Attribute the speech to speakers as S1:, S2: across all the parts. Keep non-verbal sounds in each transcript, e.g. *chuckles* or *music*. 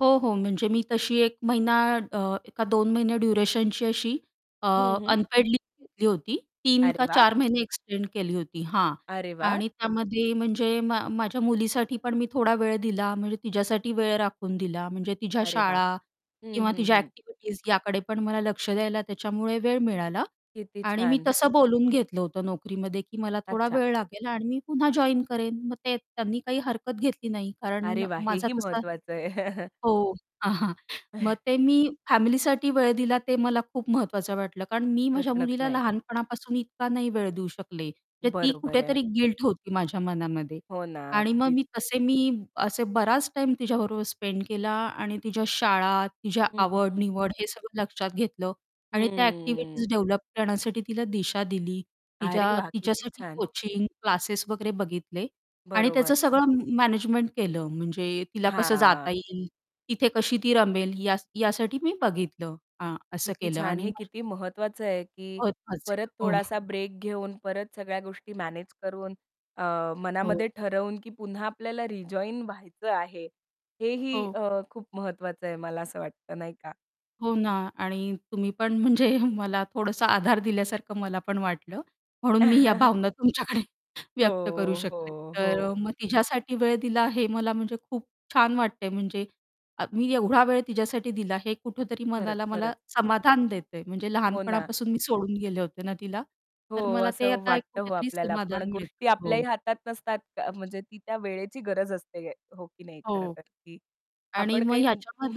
S1: हो, हो. म्हणजे मी तशी 1 महिना अ, का 2 महिने ड्युरेशनची अशी अ,
S2: हं, हं.
S1: अनपेड लीव्ह घेतली होती. 3
S2: अरे
S1: का
S2: वाह!
S1: 4 महिने एक्सटेंड केली होती, हां,
S2: अरे वाह!
S1: आणि त्यामध्ये म्हणजे मा माझ्या मुलीसाठी पण मी थोडा वेळ दिला म्हणजे तिझ्यासाठी वेळ राखून दिला. म्हणजे तिझ्या
S2: अरे वाह!
S1: शाळा
S2: हं,
S1: किंवा
S2: हं,
S1: तिझ्या
S2: हं.
S1: ॲक्टिव्हिटीज याकडे पण मला लक्ष द्यायला त्याच्यामुळे वेळ मिळाला
S2: किती
S1: आणि मी
S2: छान.
S1: तसं बोलून घेतलं होतं नोकरीमध्ये की मला थोडा
S2: अच्छा.
S1: वेळ लागेल आणि मी पुन्हा जॉइन करेन. मग ते त्यांनी काही हरकत घेतली नाही. कारण
S2: अरे वाह!
S1: माझा
S2: हेही
S1: तसा
S2: महत्वाचं आहे. *chuckles*
S1: हो. हां, हां, मग
S2: *chuckles*
S1: ते मी फॅमिलीसाठी वेळ दिला ते मला खूप महत्त्वाचं वाटलं. कारण मी माझ्या
S2: प्रश्नच
S1: मुलीला
S2: नाही.
S1: लहानपणापासून इतका नाही वेळ देऊ शकले, तर ती
S2: बरोबर आहे.
S1: कुठेतरी गिल्ट होती माझ्या मनामध्ये
S2: हो ना.
S1: आणि मग
S2: अगदीच.
S1: मी तसे मी असे बराच टाईम तिझ्याबरोबर स्पेंड केला आणि तिझ्या शाळा, तिझ्या
S2: हं, हं, हं.
S1: आवड-निवड हे सगळं लक्षात घेतलं आणि त्या ॲक्टिव्हिटीज
S2: हम्म.
S1: डेव्हलप करण्यासाठी तिला दिशा दिली,
S2: अरे
S1: तिच्या
S2: वाह! किती
S1: तिच्यासाठी
S2: छान.
S1: कोचिंग क्लासेस वगैरे बघितले आणि त्याचं
S2: बरोबर.
S1: सगळं म मॅनेजमेंट केलं. म्हणजे तिला कसं जाता
S2: हां.
S1: येईल, तिथे कशी ती रमेल या यासाठी मी बघितलं, हां. असं
S2: किती
S1: केलं
S2: छान. हे
S1: आणि *unintelligible*
S2: किती महत्वाचं आहे, की परत
S1: *unintelligible* हो.
S2: थोडासा ब्रेक घेऊन, परत सगळ्या गोष्टी मॅनेज करून अ,
S1: हो.
S2: मनामध्ये ठरवून, की पुन्हा आपल्याला रिजॉइन व्हायचं आहे. हेही
S1: हो.
S2: अ, खूप महत्वाचं आहे, मला असं वाटतं नाही का?
S1: हो ना. आणि तुम्ही पण म्हणजे मला थोडंसं आधार दिल्यासारखं मला पण वाटलं म्हणून मी या
S2: *chuckles*
S1: भावना तुमच्याकडे व्यक्त करू
S2: हो,
S1: शकले.
S2: हो,
S1: तर अ,
S2: हो.
S1: मग तिच्यासाठी वेळ दिला हे मला म्हणजे खूप छान वाटतंय म्हणजे अ, मी एवढा वेळ तिच्यासाठी दिला हे कुठेतरी
S2: खरंच,
S1: मनाला मला
S2: खरंच.
S1: समाधान देतंय. म्हणजे
S2: हो ना.
S1: लहानपणापासून मी सोडून गेले होते ना, तिला
S2: हो,
S1: तर मला ते
S2: असं
S1: आता एक
S2: वाटतं हो
S1: कुठेतरी
S2: आपल्याला, पण
S1: समाधान मिळतं,
S2: गोष्टी आपल्याही
S1: हो.
S2: हातात नसतात. क म्हणजे ती त्या वेळेची गरज असते, हो की नाही
S1: हो.
S2: खरंतर. की
S1: आणि
S2: आपण
S1: मग
S2: काही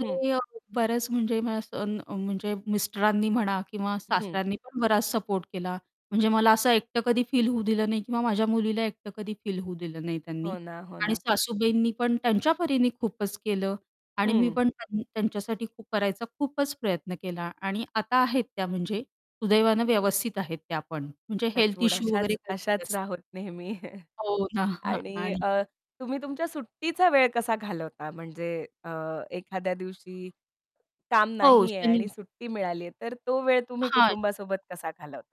S2: हं.
S1: अ, बऱ्याच म्हणजे अ, स अ, असं म्हणजे मिस्टरांनी म्हणा किंवा
S2: हं.
S1: सासऱ्यांनी पण बराच सपोर्ट केला, म्हणजे मला असं एकटं कधी फील होऊ दिलं नाही किंवा माझ्या मुलीला एकटं कधी फील होऊ दिलं नाही त्यांनी
S2: हो ना, हो
S1: आणि
S2: ना.
S1: सासूबाईंनी पण त्यांच्या परीने खूपच केलं आणि मी
S2: हं.
S1: पण त्या त्यांच्यासाठी खूप करायचा खूपच प्रयत्न केला आणि आता आहेत त्या म्हणजे सुदैवानं व्यवस्थित आहेत त्या पण म्हणजे हेल्थ
S2: टचवूड.
S1: इश्यू वगैरे
S2: अशाच अशाच
S1: *unintelligible*
S2: राहोत नेहमी
S1: हो ना. *chuckles*
S2: आणि
S1: आणि
S2: अ, तुम्ही तुमच्या सुट्टीचा वेळ कसा घालवता म्हणजे अ, एखाद्या दिवशी काम
S1: हो,
S2: नाही आहे
S1: शनि
S2: आणि सुट्टी मिळाली आहे. तर तो वेळ तुम्ही
S1: हां
S2: कुटुंबासोबत कसा घालवता?